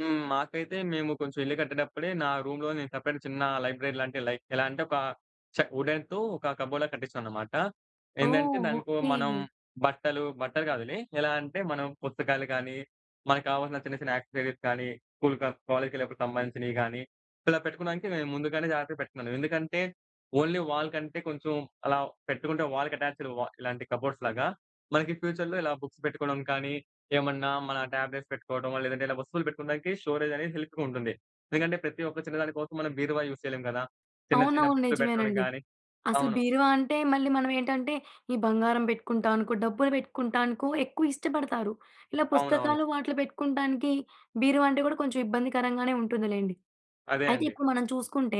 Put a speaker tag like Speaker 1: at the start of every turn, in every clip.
Speaker 1: హ్మ్. మాకైతే, మేము కొంచెం ఇల్లు కట్టేటప్పుడే నా రూమ్‌లో నేను సెపరేట్‌గా చిన్న లైబ్రరీ లాంటి, లైక్ ఎలా అంటే, ఒక చె వుడెన్‌తో ఒక కబోర్డ్‌లా కట్టిచ్చానన్నమాట. ఏందంటే,
Speaker 2: ఓహ్!
Speaker 1: దానికొ
Speaker 2: ఓకే.
Speaker 1: మనం బట్టలు బట్టలు గాదులే. ఎలా అంటే, మనం పుస్తకాలు కానీ, మనకు కావాల్సిన చిన్న చిన్న యాక్సెసరీస్ కానీ, స్కూల్ ఆర్ కాలేజ్‌కి ఎళ్లేటప్పుడుకి సంబంధించినవి గానీ, ఇలా పెట్టుకోవడానికి నేను ముందుగానే జాగ్రత్తగా పెట్టుకున్నాను. ఎందుకంటే, ఓన్లీ వాల్ కంటే కొంచెం అలా పెట్టుకుంటే, వాల్‌కి అటాచ్డ్ వ ఇలాంటి కబోర్డ్స్‌లాగా మనకి ఫ్యూచర్‌లో ఇలా బుక్స్ పెట్టుకోవడం కానీ, ఏమన్నా మన ట్యాబ్లెట్స్ పెట్టుకోవడమో, లేదంటే ఇలా వస్తువులు పెట్టుకోవడానికి స్టోరేజ్ అనేది హెల్ప్‌గా ఉంటుంది. ఎందుకంటే, ప్రతి ఒక్క చిన్న దాని కోసం మనం బీరువా యూజ్ చేయలేం గదా! చిన్న చిన్న
Speaker 2: అవునవును.
Speaker 1: బుక్స్ పెట్టడానికి
Speaker 2: నిజమేనండి.
Speaker 1: గానీ.
Speaker 2: అసలు
Speaker 1: అవును.
Speaker 2: బీరువా అంటే, మళ్లీ మనం ఏంటంటే, ఈ బంగారం పెట్టుకుంటాం అనుకో, డబ్బులు పెట్టుకుంటాం అనుకో, ఎక్కువ ఇష్టపడతారు. ఇలా
Speaker 1: అవునవును.
Speaker 2: పుస్తకాలు వాటిలో పెట్టుకుంటానికి బీరువా అంటే కూడా కొంచెం ఇబ్బందికరంగానే ఉంటుందిలెండి.
Speaker 1: అదే
Speaker 2: అయితే
Speaker 1: అండి.
Speaker 2: ఇప్పుడు మనం చూసుకుంటే,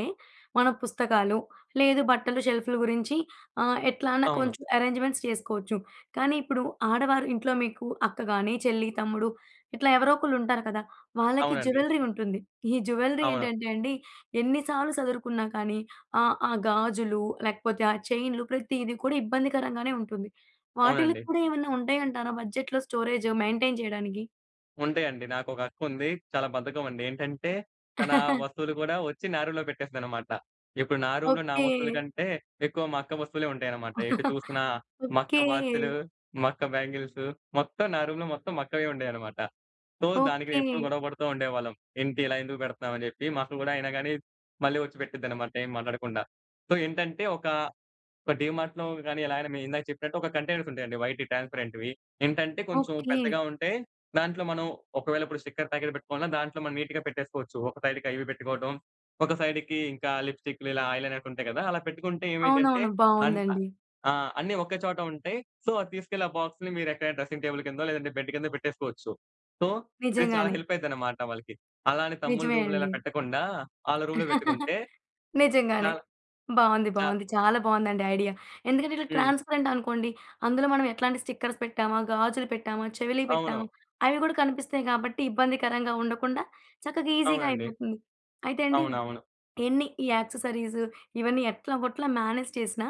Speaker 2: మన పుస్తకాలు, లేదు బట్టలు, షెల్ఫులు గురించి ఆహ్, ఎట్లన్నా
Speaker 1: అవును.
Speaker 2: కొంచెం అరేంజ్‌మెంట్స్ చేసుకోవచ్చు. కానీ ఇప్పుడు ఆడవారు ఇంట్లో మీకు అక్క గాని, చెల్లి, తమ్ముడు ఇట్లా ఎవరో ఒకళ్లుంటారు కదా! వాళ్లకి
Speaker 1: అవునండి.
Speaker 2: జ్యువెల్లరీ ఉంటుంది. ఈ జ్యువెల్లరీ
Speaker 1: అవును.
Speaker 2: ఏంటంటే అండి, ఎన్నిసార్లు సదురుకున్నా కానీ, ఆహ్, ఆ గాజులు లేకపోతే ఆ చైనులు, ప్రతీదీ కూడా ఇబ్బందికరంగానే ఉంటుంది. వాటిలో
Speaker 1: అవునండి.
Speaker 2: కూడా ఏమన్నా ఉంటాయంటారా? బడ్జెట్‌లో స్టోరేజ్‌ మెయింటెయిన్ చేయడానికి.
Speaker 1: ఉంటాయండి. నాకొక అక్కుంది. చాలా బద్ధకమండి. ఏంటంటే, తన వస్తువులు కూడా వచ్చి నా రూమ్‌లో పెట్టేస్తదన్నమాట. ఇప్పుడు నా రూమ్‌లో నా
Speaker 2: ఓకే.
Speaker 1: వస్తువుల కంటే ఎక్కువ మా అక్క వస్తువులే ఉంటాయన్నమాట. ఎటు చూసినా మా అక్క
Speaker 2: ఓకే.
Speaker 1: వాచులు, మా అక్క బ్యాంగిల్సు, మొత్తం నా రూమ్‌లో మొత్తం మా అక్కవే ఉండేవన్నమాట. సో, దానికి
Speaker 2: ఓకే.
Speaker 1: నేనెప్పుడూ గొడవ పడుతూ ఉండేవాళ్లం. "ఏంటి? ఇలా ఎందుకు పెడుతున్నావు?" అని చెప్పి. మా అక్క కూడా అయినా కానీ, మళ్లీ వచ్చి పెట్టిద్దన్నమాట, ఏం మాట్లాడకుండా. సో, ఏంటంటే, ఒక ఒక డీమార్ట్‌లో గానీ, ఎలాగైనా మీరు ఇందాక చెప్పినట్టు ఒక కంటైనర్స్ ఉంటాయండి వైట్ ట్రాన్స్పరెంట్‌వి. ఏంటంటే, కొంచెం
Speaker 2: ఓకే.
Speaker 1: పెద్దగా ఉంటాయి. దాంట్లో మనం ఒకవేళ ఇప్పుడు స్టిక్కర్ ప్యాకెట్ పెట్టుకోవాలన్నా, దాంట్లో మనం నీట్‌గా పెట్టేసుకోవచ్చు. ఒక సైడ్‌కి అవి పెట్టుకోవటం, ఒక సైడ్‌కి ఇంకా లిప్‌స్టికులు, ఐ లైనర్స్ ఉంటాయి గదా! అలా పెట్టుకుంటే ఏమవుతుందంటే,
Speaker 2: అవునవును.
Speaker 1: అన్ అ
Speaker 2: బావుందండి.
Speaker 1: ఆ! అన్నీ ఒక చోట ఉంటాయి. సో, అది తీసుకెళ్లి ఆ బాక్స్‌ని మీరు ఎక్కడైనా డ్రెసింగ్ టేబుల్ కిందో, లేదంటే బెడ్ కిందో పెట్టేసుకోవచ్చు. సో, ఇది చాలా
Speaker 2: నిజంగానే.
Speaker 1: హెల్ప్ అయిద్దన్నమాట వాళ్లకి. అలా అని తమ్ముళ్ల
Speaker 2: నిజమే
Speaker 1: రూమ్‌లో ఇలా
Speaker 2: అండి.
Speaker 1: పెట్టకుండా, వాళ్ల రూమ్‌లో పెట్టుకుంటే
Speaker 2: నిజంగానే.
Speaker 1: చాలా
Speaker 2: బావుంది.
Speaker 1: చా
Speaker 2: బావుంది. చాలా బావుందండి ఐడియా. ఎందుకంటే, ఇట్లా
Speaker 1: హ్మ్.
Speaker 2: ట్రాన్స్పరెంట్ అనుకోండి, అందులో మనం ఎట్లాంటి స్టిక్కర్స్ పెట్టామా? గాజులు పెట్టామా? చెవిలీ
Speaker 1: అవును.
Speaker 2: పెట్టామా? అవి కూడా కనిపిస్తాయి గాబట్టి, ఇబ్బందికరంగా ఉండకుండా చక్కగా ఈసీగా
Speaker 1: అవునండి.
Speaker 2: అయిపోతుంది. అయితే అండి,
Speaker 1: అవునవును.
Speaker 2: ఎన్ని ఈ యాక్సెసరీస్, ఇవన్నీ ఎట్లాగోట్లా మ్యానేజ్ చేసినా,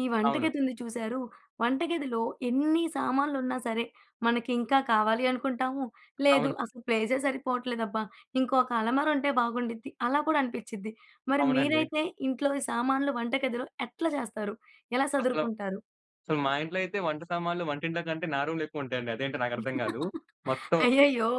Speaker 2: ఈ వంట
Speaker 1: అవును.
Speaker 2: గదుంది చూసారూ! వంట గదిలో ఎన్ని సామాన్లున్నా సరే, మనకింకా కావాలి అనుకుంటాము. లేదు,
Speaker 1: అవును.
Speaker 2: అసలు ప్లేసే సరిపోవట్లేదబ్బా! ఇంకొక అలమారా ఉంటే బాగుండుద్ది, అని కూడా అనిపిచ్చిద్ది. మరి
Speaker 1: అవునండి.
Speaker 2: మీరైతే ఇంట్లో ఈ సామాన్లు వంట గదిలో ఎట్లా చేస్తారు? ఎలా
Speaker 1: అసలు
Speaker 2: సదురుకుంటారు?
Speaker 1: సో, మా ఇంట్లో అయితే, వంట సామాన్లు వంటింట్లో కంటే నా రూమ్‌లో ఎక్కువ ఉంటాయండి. అదేంటో నాకర్థం గాదు. మొత్తం
Speaker 2: అయ్యయ్యో!